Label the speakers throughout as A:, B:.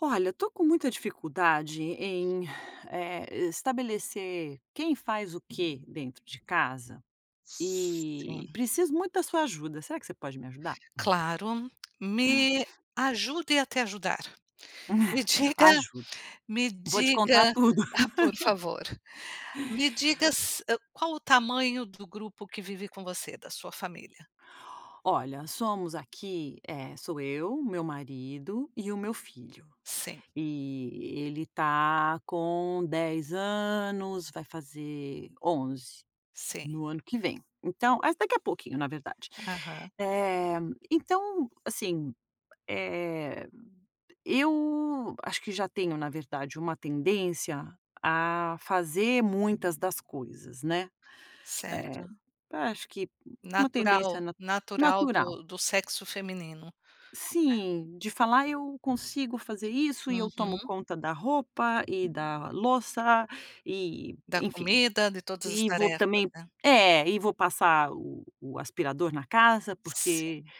A: Olha, eu tô com muita dificuldade em, eh estabelecer quem faz o quê dentro de casa, e
B: Sim.
A: preciso muito da sua ajuda, será que você pode me ajudar?
B: Claro, me ajude a te ajudar, me diga
A: ajudo,
B: me
A: vou te contar
B: diga,
A: tudo
B: por favor, me diga se qual o tamanho do grupo que vive com você, da sua família?
A: Olha, somos aqui eh sou eu, o meu marido e o meu filho,
B: Sim
A: e ele tá com 10 anos, vai fazer 11
B: Sim.
A: no ano que vem. Então mas daqui a pouquinho, na verdade.
B: Aham
A: Eh, então assim, eh eu acho que já tenho, na verdade, uma tendência a fazer muitas das coisas, né, eh,
B: certo.
A: acho que uma tendência
B: Natural,
A: na
B: natural
A: natural.
B: do do sexo feminino, né.
A: Sim, de falar: “Eu consigo fazer isso e eu tomo
B: uhum
A: conta da roupa e da louça” e,
B: Da
A: enfim,
B: comida, de todas as
A: e vou
B: tarefas,
A: também
B: né.
A: é, e vou passar o o aspirador na casa porque
B: Sim.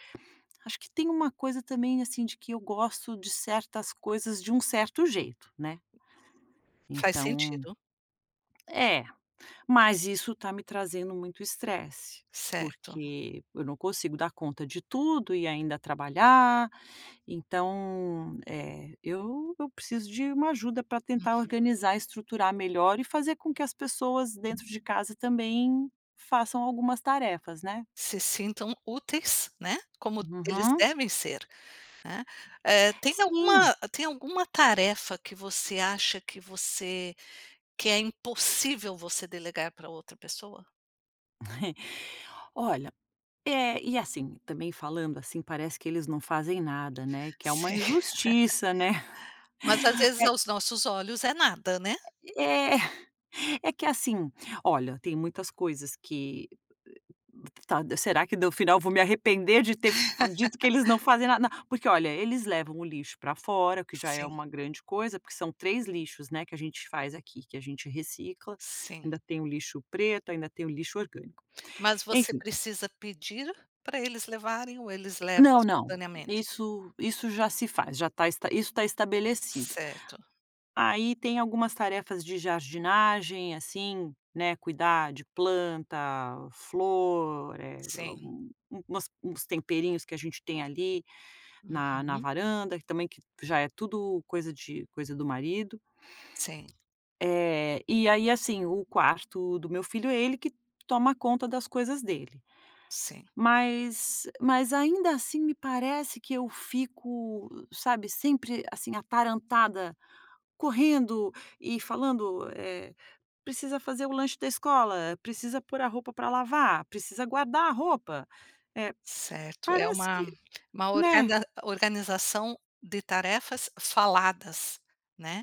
A: acho que tem uma coisa também assim, de que eu gosto de certas coisas de um certo jeito, né.
B: faz
A: Então,
B: sentido.
A: é, mas isso está me trazendo muito estresse,
B: Certo.
A: porque eu não consigo dar conta de tudo e ainda trabalhar, então eh, eu eu preciso de uma ajuda para tentar
B: Uhum.
A: organizar, estruturar melhor e fazer com que as pessoas dentro de casa também façam algumas tarefas, né.
B: Se sintam úteis, né, como eles
A: Uhum.
B: devem ser. Hã, eh tem
A: sim.
B: alguma tem alguma tarefa que você acha que você que é impossível você delegar pra outra pessoa?
A: Olha, é, e, assim, também falando assim parece que eles não fazem nada, né, que é uma
B: Sim,
A: injustiça, né.
B: mas às vezes,
A: É
B: aos nossos olhos, é nada, né.
A: Eh, é, é que assim, olha, tem muitas coisas que, eh, tá será que no final vou me arrepender de ter f dito que eles não fazem nada? N porque, olha, eles levam o lixo pra fora, que já é
B: Sim.
A: uma grande coisa, porque são 3 lixos, né, que a gente faz aqui, que a gente recicla,
B: Sim.
A: ainda tem o lixo preto, ainda tem o lixo orgânico,
B: Mas você
A: enfim.
B: precisa pedir pra eles levarem ou eles levam
A: Não, não,
B: espontanea
A: isso isso já se faz, já tá esta isso tá estabelecido.
B: Certo.
A: Aí tem algumas tarefas de jardinagem, assim, né: cuidar de planta, flor, eh,
B: Sim.
A: u u umas uns temperinhos que a gente tem ali na na
B: Uhum.
A: varanda, que também que já é tudo coisa de coisa do marido.
B: Sim.
A: Eh, e aí assim, o quarto do meu filho, é ele que toma conta das coisas dele,
B: Sim.
A: mas, eh, mas ainda assim me parece que eu fico, sabe, sempre assim atarantada, correndo e falando, eh: "Precisa fazer o lanche da escola, precisa pôr a roupa pra lavar, precisa guardar a roupa", eh,
B: Certo, é
A: parece que,
B: uma uma
A: né
B: organda organização de tarefas faladas, né.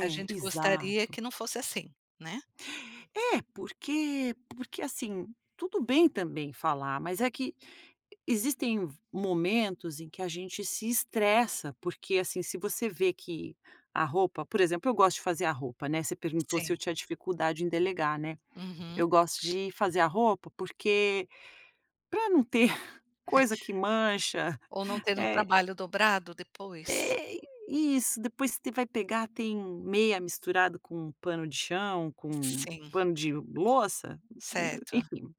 B: A gente gostaria
A: exato.
B: que não fosse assim, né.
A: É, porque porque assim, tudo bem também falar, mas é que existem v momentos em que a gente se estressa, porque, assim, se você vê que a roupa por exemplo, eu gosto de fazer a roupa, né. Você perguntou se eu
B: Sim.
A: tinha dificuldade em delegar, né,
B: Uhum.
A: eu gosto de fazer a roupa, porque pra não ter coisa que mancha,
B: Ou não ter um
A: eh
B: trabalho dobrado depois.
A: É, isso, depois t vai pegar, tem meia misturado com pano de chão, com
B: Sim.
A: pano de louça, e e
B: Certo.
A: enfim,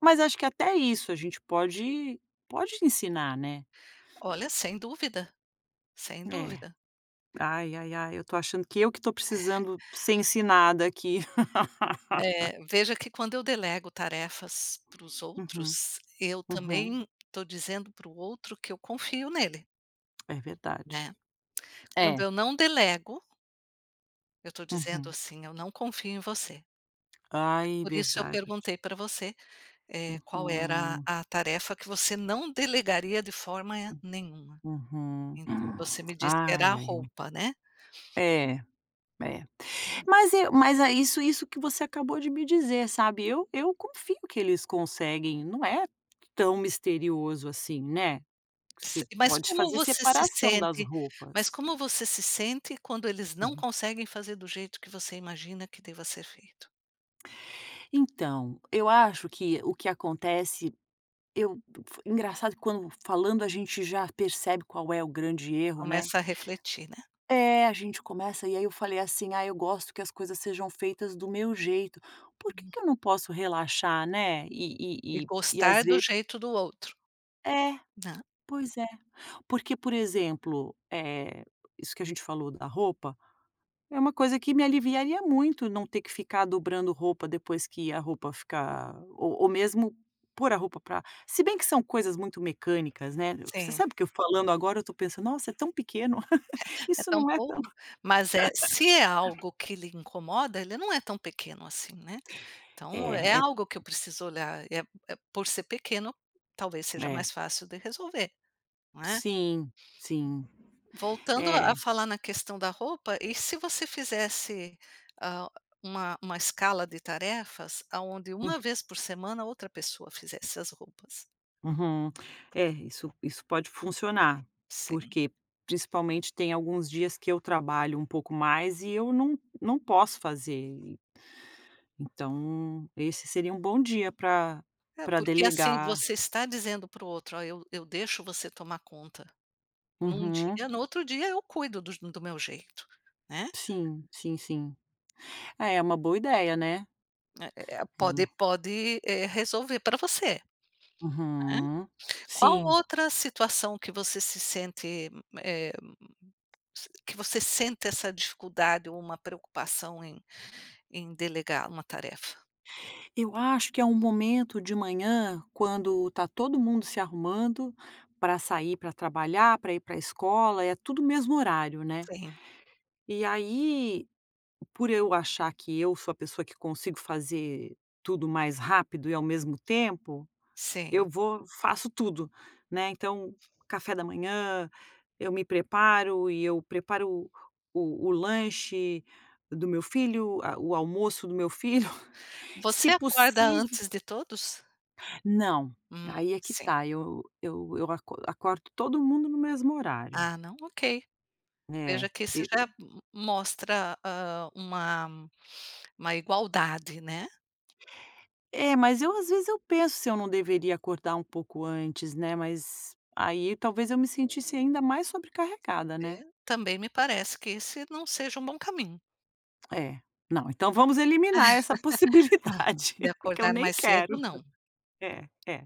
A: mas acho que até isso a gente pode pode ensinar, né.
B: Olha, sem dúvida, sem
A: É,
B: dúvida.
A: ai, ai, ai, eu tô achando que eu que tô precisando ser ensinada aqui.
B: É, veja que quando eu delego tarefas para os
A: Uhum.
B: outros, eu
A: Uhum.
B: também tõ dizendo para o outro que eu confio nele.
A: É verdade.
B: Né, quando
A: é.
B: eu não delego eu estou dizendo
A: Uhum
B: assim: “Eu não confio em você.”
A: Ai
B: por isso eu
A: verdade
B: perguntei para você, eh, qual era
A: Uhum.
B: a tarefa que você não delegaria de forma nenhuma,
A: uhum.
B: ent você me disse que era a
A: ai, ai, ai.
B: roupa né
A: É, é. Mas e mas é isso isso que você acabou de me dizer sabe, eu eu confio que eles conseguem, não é tão misterioso assim, né,
B: si
A: você
B: mas
A: pode
B: como
A: fazer
B: você se
A: separação das
B: sente, mas
A: roupas
B: como você se sente quando eles não
A: Uhum.
B: conseguem fazer do jeito que você imagina que deva ser feito?
A: Então, eu acho que o que acontece, eu f engraçado quando falando a gente já percebe qual é o grande erro, né.
B: começa a refletir, né
A: É, a gente começa e aí eu falei assim: “Ah eu gosto que as coisas sejam feitas do meu jeito”, por que que eu não posso relaxar né,
B: E
A: e e e e às
B: gostar do
A: ve
B: jeito do outro.
A: É,
B: Na
A: pois é, porque por exemplo, eh, isso que a gente falou da roupa, é uma coisa que me aliviaria muito não ter que ficar dobrando roupa depois que a roupa ficar ou ou mesmo pôr a roupa para se bem que são coisas muito mecânicas, né. Você
B: Sim.
A: sabe que eu falando agora eu estou pensando: “Nossa é tão pequeno,
B: é
A: isso
B: tão
A: não é tão“
B: pouco, mas é se é algo que lhe incomoda ele não é tão pequeno assim, né, então é
A: É, é
B: algo que eu preciso olhar, eh eh, por ser pequeno talvez seja
A: É.
B: mais fácil de resolver, não é?
A: Sim, sim,
B: voltando a
A: é.
B: falar na questão da roupa, e se você fizesse, ah, uma uma escala de tarefas aonde
A: Hum
B: uma vez por semana outra pessoa fizesse as roupas?
A: Uhum. É, isso isso pode funcionar,
B: Sim.
A: porque principalmente tem alguns dias que eu trabalho um pouco mais e eu não não posso fazer e então esse seria um bom dia para
B: É,
A: para
B: porque assim
A: delegar.
B: você está dizendo para o outro: “Olha eu eu deixo você tomar conta num
A: Uhum
B: dia, no outro dia eu cuido dos do meu jeito,” né
A: Sim, sim, sim. é uma boa ideia né.
B: Eh eh eh,
A: É
B: pode
A: uma
B: pode, eh, resolver para você, né,
A: Uhum,
B: qual
A: sim
B: outra situação que você se sente, eh, s que você sente essa dificuldade ou uma preocupação em em delegar uma tarefa?
A: Eu acho que é um momento de manhã quando está todo mundo se arrumando para sair, para trabalhar, para ir para escola, é tudo o mesmo horário, né.
B: Sim.
A: E aí, por eu achar que eu sou a pessoa que consigo fazer tudo mais rápido e ao mesmo tempo, eu
B: Sim.
A: vou, faço tudo né, então café da manhã, eu me preparo e eu preparo o o o lanche do meu filho, a o almoço do meu filho, se
B: Você acorda
A: possív
B: antes de todos?
A: Não,
B: Hum,
A: aí é que
B: sim.
A: está, eu eu eu acor acordo todo mundo no mesmo horário.
B: Ah não, ok.
A: É,
B: Veja que
A: e
B: isso já
A: e
B: m mostra, hã, uma uma igualdade, né.
A: É, mas eu, às vezes, penso se eu não deveria acordar um pouco antes, né. Mas aí talvez eu me sentisse ainda mais sobrecarregada,
B: É,
A: né?
B: também me parece que esse não seja um bom caminho.
A: É. Não, então vamos eliminar essa
B: Não,
A: possibilidade.
B: de
A: Que eu
B: acordar
A: nem
B: mais
A: quero.
B: cedo, não.
A: É, é.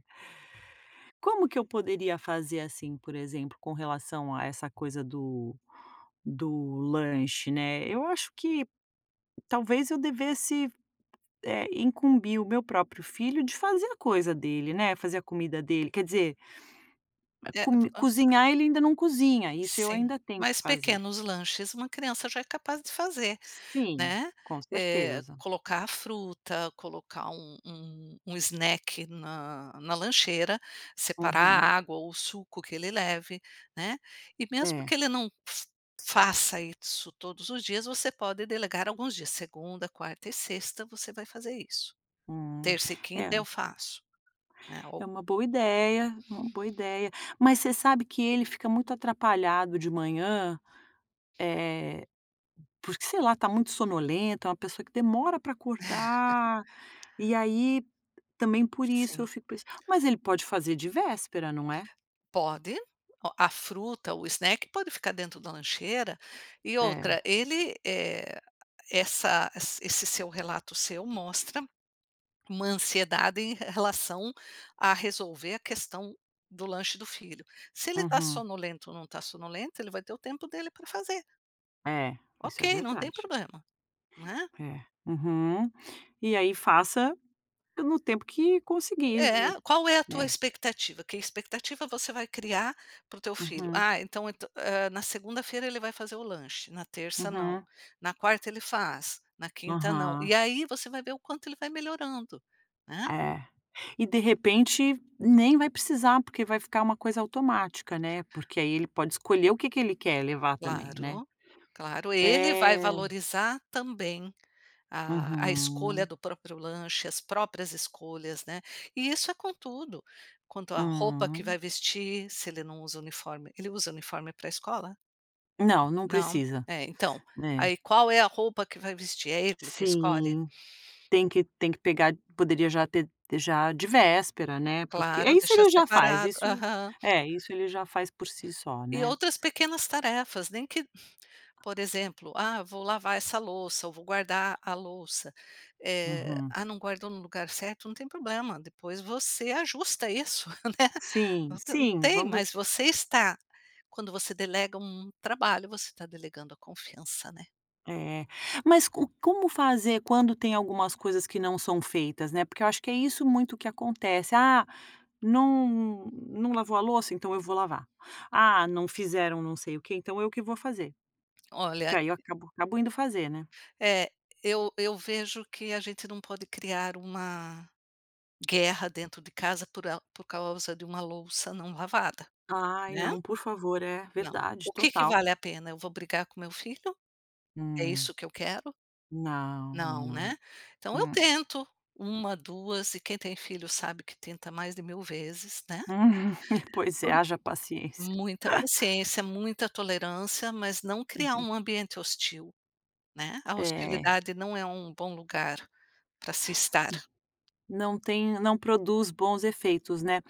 A: Como que eu poderia fazer, assim, por exemplo, com relação a essa coisa do do lanche, né. Eu acho que, talvez, eu devesse, eh, incumbir o meu próprio filho de fazer a coisa dele, né, fazer a comida dele, quer dizer e
B: É, pu
A: come
B: hã.
A: cozinhar, ele ainda não cozinha, isso eu
B: Sim,
A: ainda tenho que
B: mas
A: fazer.
B: pequenos lanches uma criança já é capaz de fazer,
A: Sim,
B: né.
A: com
B: Eh,
A: certeza.
B: colocar a fruta, colocar um um um snack na na lancheira, separar
A: Uhum.
B: a água ou o suco que ele leve, né. E, mesmo
A: É.
B: que ele não f faça isso todos os dias, você pode delegar alguns dias: "Segunda, quarta e sexta, você vai fazer isso.
A: Hum.
B: Terça e
A: É.
B: quinta, eu faço.". Né, ou
A: É uma boa ideia, uma boa ideia. Mas você sabe que ele fica muito atrapalhado de manhã, eh, porque, sei lá, está muito sonolento. É uma pessoa que demora pra acordar, e aí também por isso
B: Sim.
A: eu fico com isso. Mas ele pode fazer de véspera, não é?
B: Pode, a fruta ou o snack, pode ficar dentro da lancheira e
A: É.
B: outra, ele, eh, essa es esse seu relato seu mostra, uma ansiedade em r relação a resolver a questão do lanche do filho. Se ele tá
A: Uhum.
B: sonolento ou não tá sonolento, ele vai ter o tempo dele pra fazer.
A: É,
B: Ok,
A: isso é
B: não tem
A: verdade.
B: problema, né.
A: É, uhum. E aí, faça no tempo que conseguir, vi
B: É. Qual é a tua
A: É.
B: expectativa? Que expectativa você vai criar para o teu filho?
A: Uhum.
B: Ah, então ent na segunda-feira ele vai fazer o lanche, na terça não,
A: Uhum.
B: na quarta ele faz, na quinta não. E
A: Aham.
B: aí, você vai ver o quanto ele vai melhorando, né.
A: É, e, de repente, nem vai precisar, porque vai ficar uma coisa automática, né. Porque aí, ele pode escolher o que que ele quer levar também, né?
B: Claro, claro. Ele
A: É.
B: vai valorizar também a a escolha
A: Uhum.
B: do próprio lanche, as próprias escolhas, né. E isso é com tudo. Quanto à roupa que vai
A: Hum.
B: vestir, se ele não usa uniforme Ele usa uniforme pra escola?
A: Não, não
B: Não?
A: precisa,
B: É, então,
A: é.
B: aí qual é a roupa que vai vestir? É ele que escolhe?
A: Sim, tem que tem que pegar, poderia já ter já de véspera, né, porque
B: Claro,
A: isso
B: deixa
A: ele já faz,
B: separado
A: isso.
B: Aham.
A: É, isso ele já faz por si só,
B: E
A: né.
B: outras pequenas tarefas, nem que por exemplo: "Ah, vou lavar essa louça ou vou guardar a louça". Eh,
A: Uhum.
B: "Ah, não guardou no lugar certo", não tem problema, depois você ajusta isso, né.
A: Sim, sim.
B: Tem,
A: Vamo
B: mas você está quando você delega um um trabalho, você está delegando a confiança, né?
A: É, mas co como fazer quando tem algumas coisas que não são feitas, né, porque eu acho que é isso muito que acontece, "Ah, não não lavou a louça, então eu vou lavar. Ah, não fizeram não sei o que, então eu que vou fazer",
B: Olha
A: que aí eu acabo acabo indo fazer, né.
B: É, eu eu vejo que a gente não pode criar uma guerra dentro de casa, por a por causa de uma louça não lavada,
A: Ai
B: né.
A: não, por favor. É,
B: Não. O
A: verdade,
B: que que
A: total.
B: vale a pena? Eu vou brigar com meu filho? É
A: Hum.
B: isso que eu quero?
A: Não,
B: Não,
A: não,
B: né. Então eu
A: não.
B: tento uma, duas e quem tem filho sabe que tenta mais de mil vezes, né.
A: Pois é,
B: Por
A: haja paciência.
B: Muita paciência, muita tolerância, mas não criar
A: Uhum.
B: um ambiente hostil, né, a
A: É.
B: hostilidade não é um bom lugar pra se estar.
A: Não tem não produz bons efeitos, né.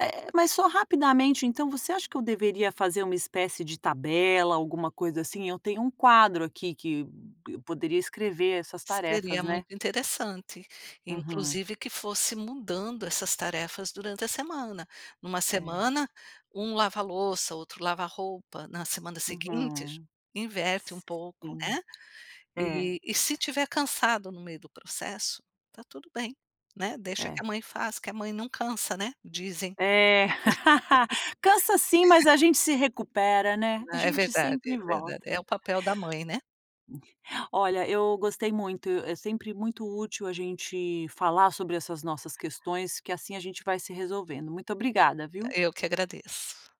A: Eh, mas só rapidamente, então você acha que eu deveria fazer uma espécie de tabela, alguma coisa assim? Eu tenho um quadro aqui que eu poderia escrever essas tarefas,
B: Seria
A: né.
B: muito interessante,
A: Uhum.
B: inclusive que fosse mudando essas tarefas durante a semana. Numa
A: É.
B: semana, um lava louça, outro lava a roupa, na semana seguinte
A: Uhum,
B: inverte um pouco,
A: sim,
B: né.
A: é.
B: E e se tiver cansado no meio do processo, tá tudo bem, né, deixa que a
A: É.
B: mãe faz, a mãe não cansa, né, dizem.
A: É, cansa sim, mas a gente se recupera, né, a
B: É
A: gente
B: verdade,
A: sempre
B: é verdade.
A: volta.
B: É o papel da mãe, né.
A: Olha, eu gostei muito, é sempre muito útil a gente falar sobre essas nossas questões, que assim a gente vai se resolvendo. Muito obrigada, viu.
B: Eu que agradeço.